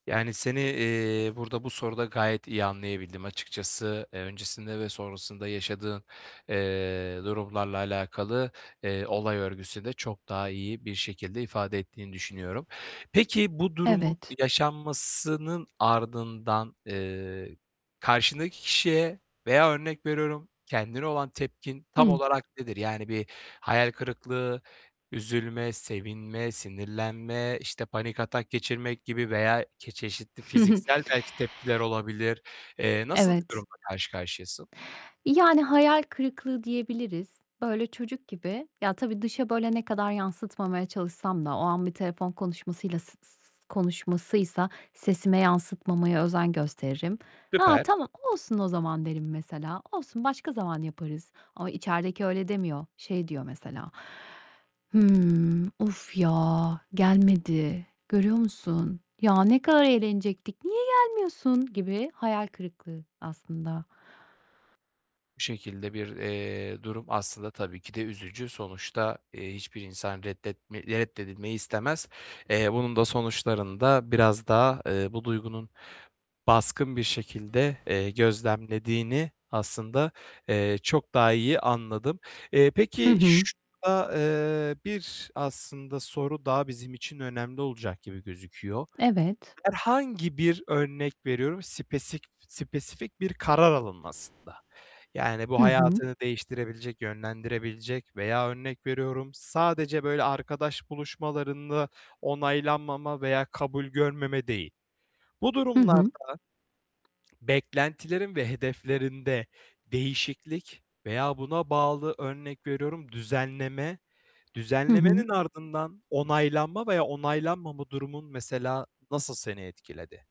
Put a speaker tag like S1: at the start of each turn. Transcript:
S1: Yani, seni, eee, burada, bu soruda gayet iyi anlayabildim açıkçası. Eee, öncesinde ve sonrasında yaşadığın, eee, durumlarla alakalı, eee, olay örgüsü de çok daha iyi bir şekilde ifade ettiğini düşünüyorum. Peki bu durumun
S2: Evet.
S1: yaşanmasının ardından, eee, karşındaki kişiye veya örnek veriyorum kendine olan tepkin tam
S2: Hıı.
S1: olarak nedir? Yani bir hayal kırıklığı, üzülme, sevinme, sinirlenme, işte, panik atak geçirmek gibi veya ke çeşitli fiziksel belki tepkiler olabilir. Eee, nasıl bir
S2: Evet.
S1: durumla karşı karşıyasın?
S2: Yani, hayal kırıklığı diyebiliriz. Öyle çocuk gibi Ya, tabii, dışa böyle ne kadar yansıtmamaya çalışsam da o an bir telefon konuşmasıyla s s s konuşmasıysa sesime yansıtmamaya özen gösteririm. "Ha,
S1: Süper.
S2: tamam, olsun o zaman." derim, mesela, "Olsun, başka zaman yaparız." ama içerideki öyle demiyor. Şey diyor mesela, "Hımm, of ya gelmedi, görüyor musun? Ya, ne kadar eğlenecektik, niye gelmiyorsun" gibi hayal kırıklığı aslında.
S1: Bu şekilde bir, eee, durum aslında tabii ki de üzücü. Sonuçta, eee, hiçbir insan reddetme reddedilmeyi istemez. Eee, bunun da sonuçlarında, biraz daha, eee, bu duygunun baskın bir şekilde, eee, gözlemlediğini aslında, eee, çok daha iyi anladım. Eee,
S2: Hı
S1: peki,
S2: hı.
S1: şurada, eee, bir, aslında soru, daha bizim için önemli olacak gibi gözüküyor.
S2: Evet.
S1: Herhangi bir örnek veriyorum spesik spesifik bir karar alınmasında. Yani, bu
S2: Hı hı.
S1: hayatını değiştirebilecek, yönlendirebilecek veya örnek veriyorum: Sadece böyle arkadaş buluşmalarında onaylanmama veya kabul görmeme değil. Bu
S2: Hı
S1: durumlarda
S2: hı.
S1: beklentilerin ve hedeflerinde değişiklik veya buna bağlı, örnek veriyorum, düzenleme.
S2: Hı
S1: Düzenlemenin
S2: hı.
S1: ardından onaylanma veya onaylanmama durumun mesela nasıl seni etkiledi?